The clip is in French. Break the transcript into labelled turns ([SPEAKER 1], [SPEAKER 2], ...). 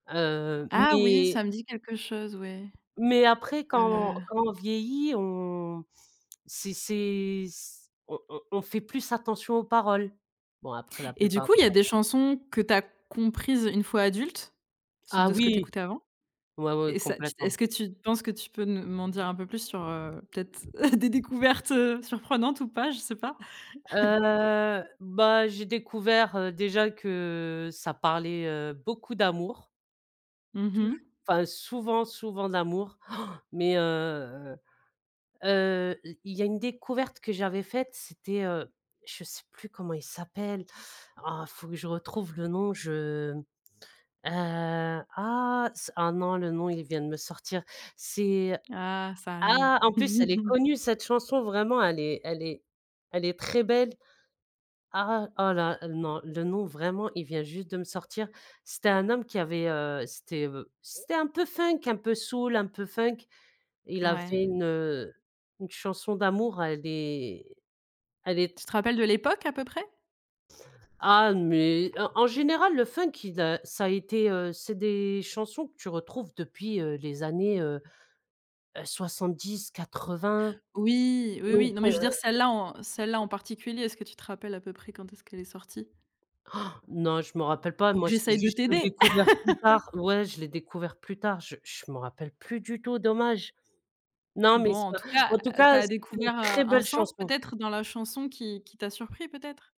[SPEAKER 1] Heu,
[SPEAKER 2] Ah oui,
[SPEAKER 1] mais
[SPEAKER 2] ça me dit quelque chose, ouais.
[SPEAKER 1] mais après quand
[SPEAKER 2] Heu
[SPEAKER 1] quand on vieillit on c'est c'est c on on on fait plus attention aux paroles. Bon, après la
[SPEAKER 2] Et du
[SPEAKER 1] plupart
[SPEAKER 2] coup
[SPEAKER 1] des
[SPEAKER 2] il y a
[SPEAKER 1] paroles
[SPEAKER 2] des chansons que tu as comprises une fois adulte? Ce
[SPEAKER 1] Ah
[SPEAKER 2] de ce que tu
[SPEAKER 1] oui!
[SPEAKER 2] écoutais avant?
[SPEAKER 1] Ouais, ouais,
[SPEAKER 2] Et ça tu est-ce
[SPEAKER 1] complètement.
[SPEAKER 2] que tu penses que tu peux me m'en dire un peu plus sur heu, peut-être des découvertes, heu, surprenantes ou pas? Je sais pas.
[SPEAKER 1] Heu, bah, j'ai découvert déjà que ça parlait, heu, beaucoup d'amour
[SPEAKER 2] Mmh
[SPEAKER 1] touj
[SPEAKER 2] mh.
[SPEAKER 1] enfin souvent souvent d'amour. Mais heu heu, i il y a une découverte que j'avais faite c'était, heu, je sais plus comment il s'appelle! Oh faut que je retrouve le nom, je m heu, ah ce ah non le nom il vient de me sortir. C'est
[SPEAKER 2] Ah. Ça arrive.
[SPEAKER 1] ah! En plus elle est connue, cette chanson, vraiment elle est elle est elle est très belle. Ah! Oh là non, le nom vraiment il vient juste de me sortir. C'était un homme qui avait, heu, c'était, heu, b c'était un peu funk, un peu soul, un peu funk. Il a
[SPEAKER 2] Ouais.
[SPEAKER 1] fait une, heu, une chanson d'amour elle est elle est
[SPEAKER 2] Tu te rappelles de l'époque à peu près?
[SPEAKER 1] Ah mais, en en général le funk il a ça était, heu, c'est des chansons que tu retrouves depuis, heu, les années, heu heu, 70-80,
[SPEAKER 2] Oui, oui,
[SPEAKER 1] donc
[SPEAKER 2] oui, non mais
[SPEAKER 1] heu
[SPEAKER 2] je veux dire celle là en celle là en particulier, est-ce que tu te rappelles à peu près quand est-ce qu'elle est sortie
[SPEAKER 1] Non, je me rappelle pas.
[SPEAKER 2] pour que
[SPEAKER 1] Moi c'est
[SPEAKER 2] j'essaye de
[SPEAKER 1] juste, j'ai
[SPEAKER 2] t'aider!
[SPEAKER 1] découvert plus tard ouais je l'ai découvert plus tard, je je me rappelle plus du tout, dommage! Non, mais
[SPEAKER 2] Bon
[SPEAKER 1] c'est
[SPEAKER 2] en
[SPEAKER 1] pas
[SPEAKER 2] tout cas,
[SPEAKER 1] en tout
[SPEAKER 2] tu
[SPEAKER 1] cas,
[SPEAKER 2] as
[SPEAKER 1] c'est une
[SPEAKER 2] découvert, heu,
[SPEAKER 1] très
[SPEAKER 2] un
[SPEAKER 1] belle
[SPEAKER 2] sens
[SPEAKER 1] chanson.
[SPEAKER 2] peut-être dans la chanson qui qui t'a surpris peut-être?